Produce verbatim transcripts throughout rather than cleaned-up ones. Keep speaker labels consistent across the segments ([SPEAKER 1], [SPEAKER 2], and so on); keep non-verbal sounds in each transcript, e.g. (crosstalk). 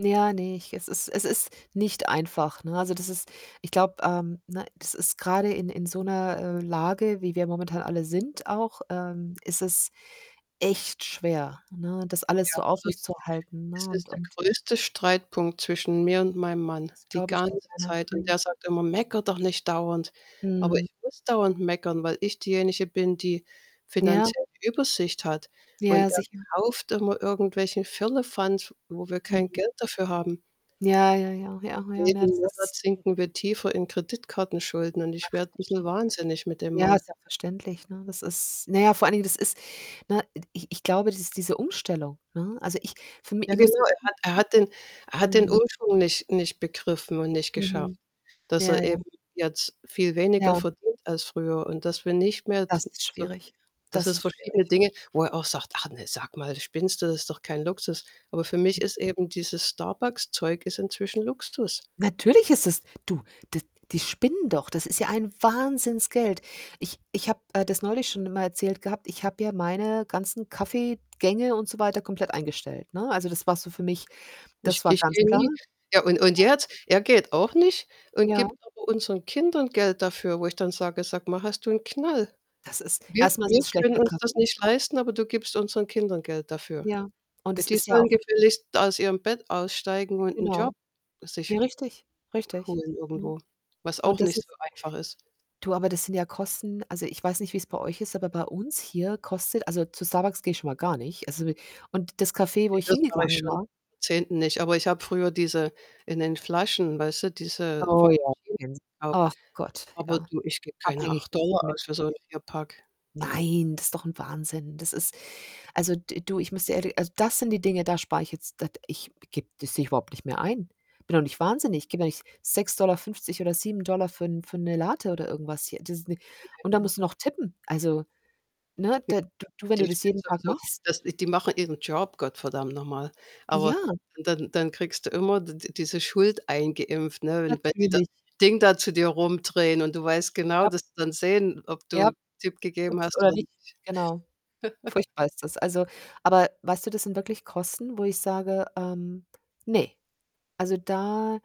[SPEAKER 1] Ja, ne, ich es ist es ist nicht einfach, ne? Also, das ist ich glaube, ähm, ne, das ist grade in in so 'ner, äh, Lage, wie wir momentan alle sind auch, ähm, ist es echt schwer, ne, das alles
[SPEAKER 2] Ja,
[SPEAKER 1] so
[SPEAKER 2] es ist
[SPEAKER 1] aufrechtzuerhalten,
[SPEAKER 2] es
[SPEAKER 1] ne? Und
[SPEAKER 2] ist der
[SPEAKER 1] und
[SPEAKER 2] größte Streitpunkt zwischen mir und meinem Mann die
[SPEAKER 1] glaube ich
[SPEAKER 2] ganze
[SPEAKER 1] dir gerne.
[SPEAKER 2] Zeit und
[SPEAKER 1] Mhm.
[SPEAKER 2] der sagt immer: „Mecker doch nicht dauernd.“ Aber
[SPEAKER 1] Mhm.
[SPEAKER 2] ich muss dauernd meckern, weil ich diejenige bin, die
[SPEAKER 1] Ja.
[SPEAKER 2] finanziell die Übersicht hat und
[SPEAKER 1] Ja,
[SPEAKER 2] er
[SPEAKER 1] sicher.
[SPEAKER 2] kauft immer irgendwelchen Firlefanz, wo wir kein
[SPEAKER 1] Mhm.
[SPEAKER 2] Geld dafür haben.
[SPEAKER 1] Ja, ja, ja, ja, ja, na ja,
[SPEAKER 2] Jeden
[SPEAKER 1] das ist
[SPEAKER 2] Monat sinken wir tiefer in Kreditkartenschulden und ich
[SPEAKER 1] Ach,.
[SPEAKER 2] werde bisschen
[SPEAKER 1] (unintelligible)
[SPEAKER 2] wahnsinnig mit dem
[SPEAKER 1] Ja,
[SPEAKER 2] Mann.
[SPEAKER 1] ist ja verständlich, ne? Das ist na ja, vor allen Dingen, das ist ne, ed ich ich glaube, das ist diese Umstellung, ne? Also, ich für mi
[SPEAKER 2] Ja,
[SPEAKER 1] ich
[SPEAKER 2] genau,
[SPEAKER 1] muss
[SPEAKER 2] er hat er hat den er hat den
[SPEAKER 1] Mhm.
[SPEAKER 2] Umschwung nicht nicht begriffen und nicht
[SPEAKER 1] Mhm.
[SPEAKER 2] geschafft, dass
[SPEAKER 1] Ja,
[SPEAKER 2] er eben
[SPEAKER 1] ja.
[SPEAKER 2] jetzt viel weniger
[SPEAKER 1] Ja.
[SPEAKER 2] verdient als früher und dass wir nicht mehr d
[SPEAKER 1] Das ist
[SPEAKER 2] so
[SPEAKER 1] schwierig.
[SPEAKER 2] dass
[SPEAKER 1] Das
[SPEAKER 2] es
[SPEAKER 1] ist
[SPEAKER 2] verschiedene
[SPEAKER 1] schwierig.
[SPEAKER 2] Dinge wo er auch sagt: „Ach ne, sag mal, spinnst du, das ist doch kein Luxus.“ Aber für mich
[SPEAKER 1] (unintelligible)
[SPEAKER 2] ist eben dieses Starbucks-Zeug ist inzwischen Luxus.
[SPEAKER 1] Natürlich ist es du die die spinnen doch. Das ist ja ein Wahnsinnsgeld. Ich ich habe, äh, das neulich schon immer erzählt gehabt, ich habe ja meine ganzen Kaffee-Gänge und so weiter komplett eingestellt, ne? Also, das war so für mich
[SPEAKER 2] Ich
[SPEAKER 1] das war
[SPEAKER 2] ich
[SPEAKER 1] ganz
[SPEAKER 2] gehe
[SPEAKER 1] klar.
[SPEAKER 2] nie ja, und und
[SPEAKER 1] (unintelligible)
[SPEAKER 2] er jetzt er geht auch nicht und
[SPEAKER 1] Ja.
[SPEAKER 2] gibt aber unseren Kindern Geld dafür, wo ich dann sage: „Sag mal, hast du 'n Knall?
[SPEAKER 1] Das ist
[SPEAKER 2] Wir
[SPEAKER 1] erstmal ist
[SPEAKER 2] wir
[SPEAKER 1] es
[SPEAKER 2] können
[SPEAKER 1] schlechter
[SPEAKER 2] uns das
[SPEAKER 1] Kaffee.
[SPEAKER 2] nicht leisten, aber du gibst unseren Kindern Geld dafür.
[SPEAKER 1] Ja, und
[SPEAKER 2] Ja,
[SPEAKER 1] es
[SPEAKER 2] die
[SPEAKER 1] ist ja
[SPEAKER 2] sollen
[SPEAKER 1] auch
[SPEAKER 2] gefälligst aus ihrem Bett aussteigen und 'n
[SPEAKER 1] Genau.
[SPEAKER 2] Job sich
[SPEAKER 1] Ja, richtig, richtig,
[SPEAKER 2] holen
[SPEAKER 1] ne?
[SPEAKER 2] irgendwo“, was
[SPEAKER 1] Und
[SPEAKER 2] auch
[SPEAKER 1] das
[SPEAKER 2] nicht so
[SPEAKER 1] ist
[SPEAKER 2] einfach ist.
[SPEAKER 1] Du, aber das sind ja Kosten also, ich weiß nicht, wie's bei euch ist, aber bei uns hier kostet also, zu Starbucks gehe schon mal gar nicht. Also (unintelligible) und das Café, wo
[SPEAKER 2] Ja,
[SPEAKER 1] ich
[SPEAKER 2] das mache ich
[SPEAKER 1] hingegangen
[SPEAKER 2] schon (unintelligible)
[SPEAKER 1] war
[SPEAKER 2] zehnten nicht. Aber ich habe früher diese in den Flaschen, weißt du, diese.
[SPEAKER 1] Oh ja,
[SPEAKER 2] (unintelligible)
[SPEAKER 1] kenne ich. Ach Gott,
[SPEAKER 2] Aber
[SPEAKER 1] ja.
[SPEAKER 2] du, ich gebe keine
[SPEAKER 1] Abhängig,
[SPEAKER 2] acht
[SPEAKER 1] dass ich
[SPEAKER 2] Dollar
[SPEAKER 1] mit
[SPEAKER 2] aus für so 'n Vierpack.
[SPEAKER 1] Nein, das ist doch 'n Wahnsinn. Das ist also, d du, ich müsste ehrli also, das sind die Dinge, da spare ich jetzt da ich gebe das sehe ich überhaupt nicht mehr ein. Bin doch nicht wahnsinnig. Ich gebe doch nicht sechs Dollar fünfzig oder sieben Dollar für 'n für 'ne Latte oder irgendwas hier. Das ist, ne und da
[SPEAKER 2] (unintelligible)
[SPEAKER 1] musst du noch tippen. Also, ne,
[SPEAKER 2] (unintelligible)
[SPEAKER 1] d du wenn
[SPEAKER 2] Die
[SPEAKER 1] du das
[SPEAKER 2] spinnen
[SPEAKER 1] jeden Tag
[SPEAKER 2] sowieso
[SPEAKER 1] machst?
[SPEAKER 2] dass äh, die machen ihren Job, Gott verdammt noch mal. Aber
[SPEAKER 1] Ja.
[SPEAKER 2] dann dann dann kriegst du immer d d diese Schuld eingeimpft, ne? Und wenn die das
[SPEAKER 1] Natürlich.
[SPEAKER 2] Ding da zu dir rumdrehen und du weißt genau,
[SPEAKER 1] Ja.
[SPEAKER 2] dass sie dann sehen, ob
[SPEAKER 1] Ja.
[SPEAKER 2] du Tip
[SPEAKER 1] (unintelligible)
[SPEAKER 2] gegeben hast
[SPEAKER 1] oder
[SPEAKER 2] oder
[SPEAKER 1] nicht,
[SPEAKER 2] nicht.
[SPEAKER 1] genau.
[SPEAKER 2] (chuckles)
[SPEAKER 1] Furchtbar ist das. Also aber weißt du, das sind wirklich Kosten, wo ich sage, ähm, ne. Also, da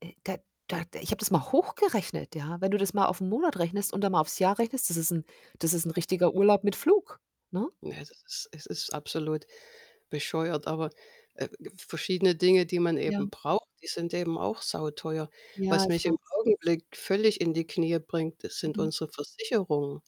[SPEAKER 1] äh, da da ich habe das mal hochgerechnet, ja? Wenn du das mal auf 'n Monat rechnest und dann mal aufs Jahr rechnest, das ist 'n das ist 'n
[SPEAKER 2] Ja.
[SPEAKER 1] richtiger Urlaub mit Flug, ne?
[SPEAKER 2] Ja, es ist es ist absolut bescheuert. Aber, äh, verschiedene Dinge, die man
[SPEAKER 1] Ja.
[SPEAKER 2] eben braucht, die sind eben auch sauteuer.
[SPEAKER 1] Ja,
[SPEAKER 2] Was
[SPEAKER 1] ich
[SPEAKER 2] mich im
[SPEAKER 1] weiß.
[SPEAKER 2] Augenblick völlig in die Knie bringt, das sind
[SPEAKER 1] Mhm.
[SPEAKER 2] unsere Versicherungen.